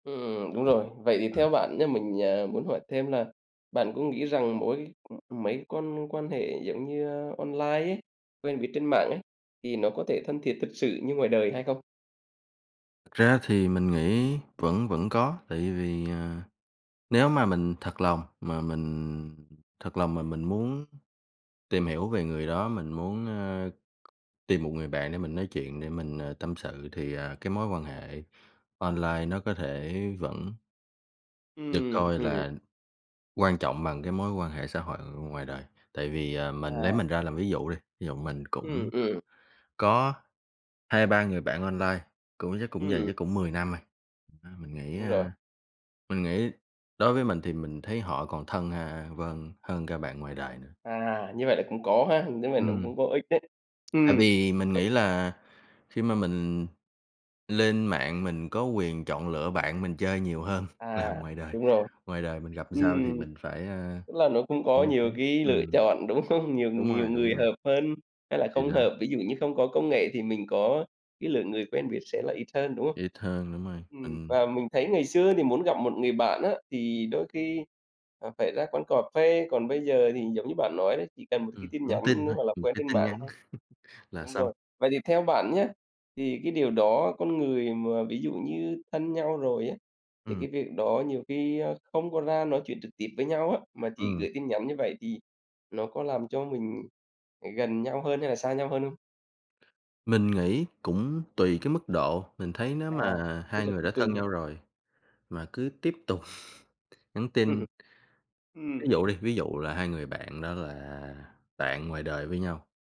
Ừm, đúng rồi. Vậy thì Ừm. theo bạn nhá mình, à, muốn hỏi thêm là bạn có nghĩ rằng mỗi ừm, mấy con quan hệ giống như, a, online ấy, quen biết trên mạng ấy, thì nó có thể thân thiệt thực sự như ngoài đời hay không? Thật ra thì mình nghĩ vẫn vẫn có, tại vì, ờ, nếu mà mình thật lòng mà mình thật lòng mà mình muốn tìm hiểu về người đó, mình muốn, ơ, tìm một người bạn để mình nói chuyện, để mình, ờ, tâm sự thì, à, cái mối quan hệ online nó có thể vẫn được Ừm, coi ừm. là quan trọng bằng cái mối quan hệ xã hội ngoài đời. Tại vì, ờ, mình lấy À. mình ra làm ví dụ đi, ví dụ mình Ừm, cũng ừm. có 2-3 người bạn online, cũng chắc cũng dày, Ừm. chắc cũng 10 năm rồi. Thật ra mình nghĩ, Đúng rồi. a, mình nghĩ đối với mình thì mình thấy họ còn thân, a, vâng, hơn cả bạn ngoài đời nữa. À, như vậy là cũng có ha, [unintelligible] nó Ừm. cũng có ích đấy. Tại Ừm. vì mình nghĩ là khi mà mình lên mạng mình có quyền chọn lựa bạn mình chơi nhiều hơn là À, ngoài đời, đúng rồi. ngoài đời mình gặp làm sao thì Ừm. mình phải, a, Tức là nó cũng có như thế nhiều cái lựa ừm. chọn, đúng không? Nhiều Đúng nhiều rồi, đúng người rồi. hợp hơn hay là Thì không đó. hợp, ví dụ như không có công nghệ thì mình có cái lượng người quen biết sẽ là ít hơn, đúng không? Ít hơn đúng rồi, Ừm, [unintelligible] và mình thấy ngày xưa thì muốn gặp một người bạn á, thì đôi khi, à, phải ra quán cà phê, còn bây giờ thì giống như bạn nói đấy, chỉ cần một cái Ừm, tin nhắn nhắn tin nữa thôi, hoặc là ừm, quen cái trên tin mạng nhắn thôi. là Đúng xong. rồi, vậy thì theo bạn nhá, thì cái điều đó con người mà ví dụ như thân nhau rồi á, thì Ừm. cái việc đó nhiều khi, a, không có ra nói chuyện trực tiếp với nhau á, mà chỉ Ừm. gửi tin nhắn như vậy thì nó có làm cho mình gần nhau hơn hay là xa nhau hơn không? Mình nghĩ cũng tùy cái mức độ, mình thấy nếu À, mà tức hai là người cũng đã tùy thân đấy. nhau rồi mà cứ tiếp tục nhắn Ừm tin hưm. Ví Ừm. dụ đi, ví dụ là hai người bạn đó là bạn ngoài đời với nhau.